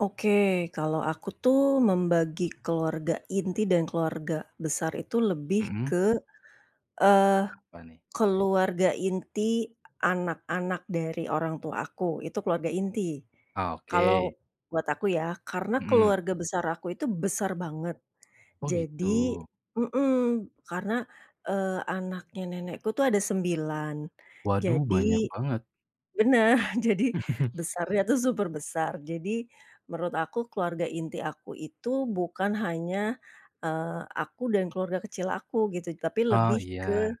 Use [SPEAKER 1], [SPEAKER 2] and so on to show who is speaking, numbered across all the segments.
[SPEAKER 1] Oke, kalau aku tuh membagi keluarga inti dan keluarga besar itu lebih
[SPEAKER 2] Mhm?
[SPEAKER 1] ke, eee,
[SPEAKER 2] Apa nih?
[SPEAKER 1] keluarga inti anak-anak dari orang tua aku itu keluarga inti,
[SPEAKER 2] Ah,
[SPEAKER 1] kalau,
[SPEAKER 2] oke.
[SPEAKER 1] buat aku ya karena
[SPEAKER 2] Mhm.
[SPEAKER 1] keluarga besar aku itu besar banget,
[SPEAKER 2] Oh
[SPEAKER 1] jadi
[SPEAKER 2] gitu?
[SPEAKER 1] mhm, karena, eee, anaknya nenekku itu ada 9
[SPEAKER 2] Waduh,
[SPEAKER 1] jadi
[SPEAKER 2] banyak banget.
[SPEAKER 1] benar jadi besarnya tuh super besar jadi, menurut aku keluarga inti aku itu bukan hanya, eee, aku dan keluarga kecil aku gitu tapi
[SPEAKER 2] Oh
[SPEAKER 1] lebih ke
[SPEAKER 2] iya.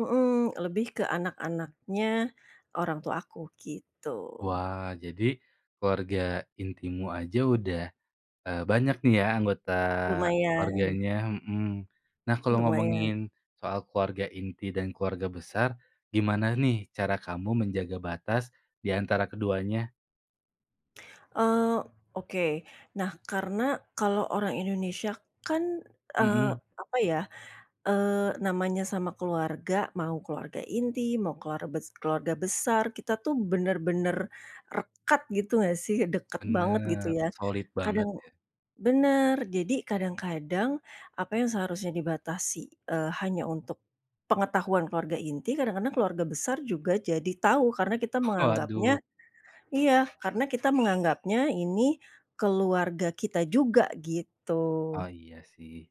[SPEAKER 1] mhm, lebih ke anak-anaknya orang tua aku gitu.
[SPEAKER 2] Wah jadi, keluarga intimu aja udah, eee, banyak nih ya anggota
[SPEAKER 1] Lumayan.
[SPEAKER 2] keluarganya, mhm. Nah kalau
[SPEAKER 1] Lumayan.
[SPEAKER 2] ngomongin, soal keluarga inti dan keluarga besar, gimana nih cara kamu menjaga batas diantara keduanya?
[SPEAKER 1] Eee, oke nah karena kalo orang Indonesia kan, eee,
[SPEAKER 2] Mhm.
[SPEAKER 1] apa ya, eee, namanya sama keluarga, mau keluarga inti, mau keluar bes keluarga besar kita tuh benar-benar, rekat gitu gak sih, dekat banget gitu
[SPEAKER 2] Bener
[SPEAKER 1] ya,
[SPEAKER 2] solid banget
[SPEAKER 1] kadang
[SPEAKER 2] ya.
[SPEAKER 1] benar jadi kadang-kadang apa yang seharusnya dibatasi, eee, hanya untuk, pengetahuan keluarga inti, kadang-kadang keluarga besar juga jadi tahu karena kita menganggapnya
[SPEAKER 2] Waduh.
[SPEAKER 1] iya karena kita menganggapnya ini keluarga kita juga
[SPEAKER 2] Oh
[SPEAKER 1] gitu.
[SPEAKER 2] iya sih.